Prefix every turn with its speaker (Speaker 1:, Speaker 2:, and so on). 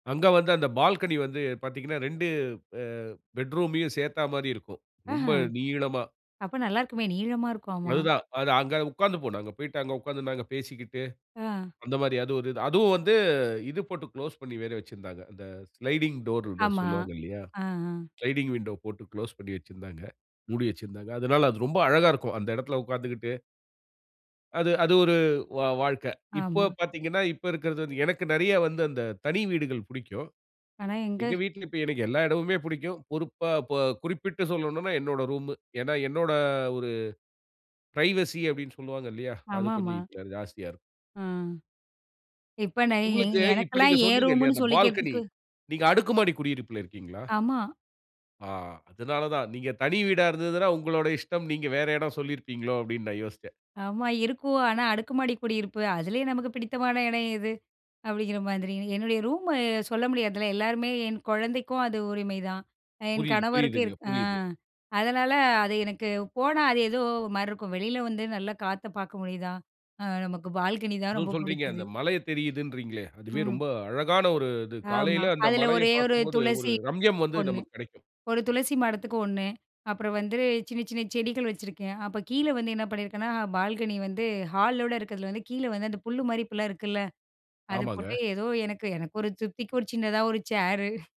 Speaker 1: அங்க வந்து அந்த பால்கனி வந்து பாத்தீங்கன்னா, 2 அ பெட்ரூமயயூ சேத்தா மாரி இருக்கும்.
Speaker 2: ஆஹ,
Speaker 1: ரொம்ப நீளமா.
Speaker 2: அப்ப நல்லா இருக்குமே நீளமா இருக்கும், ஆமா.
Speaker 1: அதுதான். அது அங்க உக்காந்து போனாங்க. அங்கு போயிட்டு அங்க உக்காந்து நாங்க பேசிக்கிட்டு,
Speaker 2: ஆ.
Speaker 1: அந்த மாரி அது ஒரு இது. அதூம் வந்து இது போட்டு குளோஸ் பண்ணி வேற வெச்சுதிருந்தாங்க. அந்த ஸ்லைடிங் டோர்ன்னு
Speaker 2: ஆமா.
Speaker 1: சொல்லுவாங்க இல்லையா.
Speaker 2: ஆ, ஆ.
Speaker 1: ஸ்லைடிங் விண்டோ போட்டு குளோஸ் பண்ணி வச்சிருந்தாங்க, மூடி வச்சுருந்தாங்க. அதுனால அது ரொம்ப அழகா இருக்கும். அந்த இடத்துல உக்காந்துகிட்டு அது அது ஒரு வா வாழ்க்கை. இப்போ
Speaker 2: ஆமா.
Speaker 1: பாத்தீங்கன்னா, இப்ப இருக்கிறது வந்து எனக்கு நெறைய வந்து அந்த தனி வீடுகள் புடிக்கும்.
Speaker 2: ஆனா, எங்க.
Speaker 1: எங்க வீட்ல இப்ப எனக்கு எல்லா இடமுமே பிடிக்கும். பொறுப்பா இப்ப குறிப்பிட்டு சொல்னும்னா என்னோட ரூம்மு. ஏன்னா, என்னோட ஒரு பிரைவசி அப்டினு சொல்லுவாங்க இல்லையா, அது
Speaker 2: ஆமாமா.
Speaker 1: கொஞ்சம் இப்ப ஜாஸ்தியா இருக்கும்.
Speaker 2: ஆ. இப்ப நை எ
Speaker 1: உங்களுக்கு, இப்ப
Speaker 2: எனக்கெல்லாம்
Speaker 1: நீங்க
Speaker 2: ஏன்
Speaker 1: சொன்னீங்க இல்லையா,
Speaker 2: ரூம்ன்னு
Speaker 1: அந்த பால்கனி,
Speaker 2: சொல்லிக்கிறதுக்கு
Speaker 1: நீங்க அடுக்குமாடி குடியிருப்புல இருக்கிங்களா?
Speaker 2: ஆமா.
Speaker 1: ஆ, அதுனால தான். நீங்க தனி வீடா இருந்துதுனா, உங்களோட இஷ்டம். நீங்க வேற இடம் சொல்லியிருப்பீங்களோ அப்டினு நான் யோசிச்சேன்.
Speaker 2: ஆமா, இருக்கூ. ஆனா, அடுக்குமாடி குடியிருப்பு. அதுலயும் நமக்கு பிடித்தமான இடம் எது? அப்டிங்கிற மாதிரி. என்னுடைய ரூமு சொல்ல முடியாதுல. எல்லாருமே, என் கொழந்தைக்கும் அது உரிமைதான். என்
Speaker 1: புரிது,
Speaker 2: கணவருக்கு
Speaker 1: புரியுதுங்க,
Speaker 2: இருக் ஆ,
Speaker 1: புரியுது.
Speaker 2: அதனால அது எனக்கு போனா, அது ஏதோ ஒரு மாரி இருக்கும். வெளில வந்து நல்ல காத்த பாக்க முடியுதா? அ நமக்கு பால்கனி தான்
Speaker 1: அதுவும்
Speaker 2: ரொம்ப
Speaker 1: சொல்றீங்க.
Speaker 2: புடிச்சுது.
Speaker 1: அந்த மலையைத் தெரிதுனுறீங்களே. அதுவே
Speaker 2: ம்.
Speaker 1: ரொம்ப அழகான ஒரு இது.
Speaker 2: ஆமா.
Speaker 1: காலையில அந்த
Speaker 2: அதுல ஒரே
Speaker 1: மலையப்
Speaker 2: ஒரு
Speaker 1: பாக்கும்போது ஒரு
Speaker 2: துளசி
Speaker 1: ரம்யம் வந்து
Speaker 2: ஒண்ணு.
Speaker 1: நமக்கு கெடைக்கும்.
Speaker 2: ஒரு துளசி மடத்துக்கு ஒண்ணு, அப்பறம் வந்துரு சின்ன சின்ன செடிகள் வெச்சுருக்கேன். அப்ப கீழே வந்து என்ன பண்ணியிருக்கேன்னா, பால்கனி வந்து ஹாலோடு இருக்கிறதுல வந்து, கீழே வந்து அந்த புல் மாரி இப்ப எல்லா இருக்குல்ல, அதை போட்டே.
Speaker 1: ஆமாங்க.
Speaker 2: ஏதோ, எனக்கு, எனக்கு ஒரு திருப்திக்கு ஒரு சின்னதா ஒரு ச்சேரு.